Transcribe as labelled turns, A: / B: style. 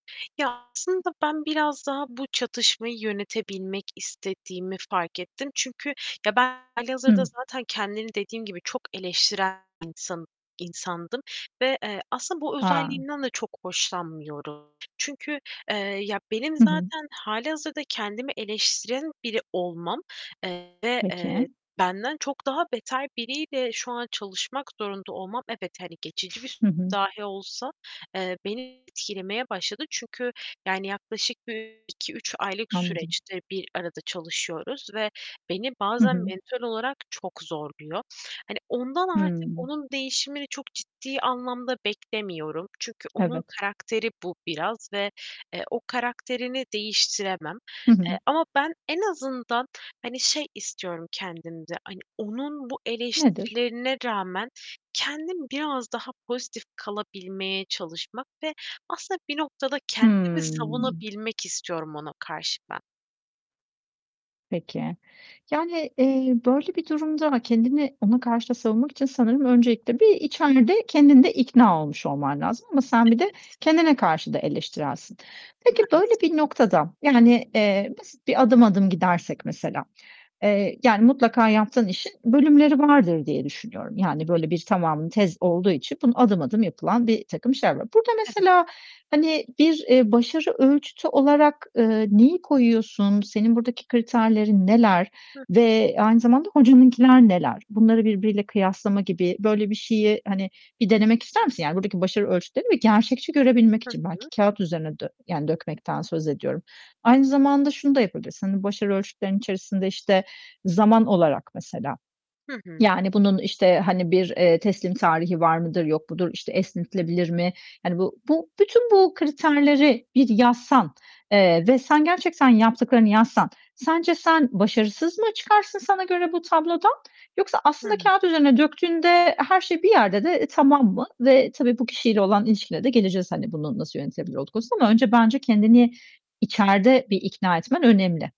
A: Ya, aslında ben biraz daha bu çatışmayı yönetebilmek istediğimi fark ettim. Çünkü, ya, ben hâlihazırda
B: Hıı.
A: zaten kendimi dediğim gibi çok eleştiren insan insandım ve, eee, aslında bu
B: A!
A: özelliğimden de çok hoşlanmıyorum. Çünkü, eee, ya benim
B: Hı hı.
A: zaten hâlihazırda kendimi eleştiren biri olmam, eee, ve,
B: Peki.
A: eee, benden çok daha beter biriyle şu an çalışmak zorunda olmam, evet, hani, geçici bir
B: Hı hı.
A: dahi olsa, eee, beni etkilemeye başladı. Çünkü, yani yaklaşık bir 2-3 aylık
B: Anladım.
A: süreçtir bir arada çalışıyoruz ve beni
B: Hı
A: bazen
B: hı.
A: mental olarak çok zorluyor. Hani, ondan artık
B: Hımm.
A: onun değişimini çok ciddi anlamda beklemiyorum. Çünkü onun
B: Evet.
A: karakteri bu biraz ve, eee, o karakterini değiştiremem.
B: Hı
A: Eee,
B: hı.
A: ama ben en azından, hani, şey istiyorum kendimde. Hani, onun bu
B: Nedir?
A: eleştirilerine rağmen kendim biraz daha pozitif kalabilmeye çalışmak ve aslında bir noktada kendimi
B: Hıı.
A: savunabilmek istiyorum ona karşı ben.
B: Peki. Yani, eee, böyle bir durumda ama kendini ona karşı da savunmak için sanırım öncelikle bir içeride kendin de ikna olmuş olman lazım. Ama sen bir de
A: Evet.
B: kendine karşı da eleştirelsin. Peki
A: Maalesef.
B: böyle bir noktada, yani, eee, basit bir adım adım gidersek mesela, eee, yani mutlaka yaptığın işin bölümleri vardır diye düşünüyorum. Yani
A: Tabii.
B: böyle bir tamamı tez olduğu için bunun adım adım yapılan birtakım işler var. Burada
A: Evet.
B: mesela, hani bir, eee, başarı ölçütü olarak, eee, neyi koyuyorsun? Senin buradaki kriterlerin neler
A: Hıı.
B: ve aynı zamanda hocanınkiler neler? Bunları birbiriyle kıyaslama gibi böyle bir şeyi, hani, bir denemek ister misin? Yani buradaki başarı ölçütlerini bir gerçekçi görebilmek
A: Hı
B: için belki
A: hı.
B: kâğıt üzerine dö yani dökmekten söz ediyorum.
A: Evet.
B: Aynı zamanda şunu da yapabilirsin: Hani başarı ölçütlerin içerisinde, işte, zaman olarak mesela,
A: Hı hı.
B: yani bunun, işte, hani, bir, eee, teslim tarihi var mıdır, yok mudur, işte, esnetilebilir mi? Yani bu bu bütün bu kriterleri bir yazsan, eee, ve
A: Evet.
B: sen gerçekten yaptıklarını yazsan sence sen başarısız mı çıkarsın sana göre bu tablodan? Yoksa
A: Hı
B: aslında
A: hı.
B: kâğıt üzerine döktüğünde her şey bir yerde de tamam mı? Ve tabii, bu kişiyle olan ilişkine de geleceğiz. Hani, bunu nasıl yönetebilir olduğu konusuna ama önce bence kendini içeride bir ikna etmen önemli.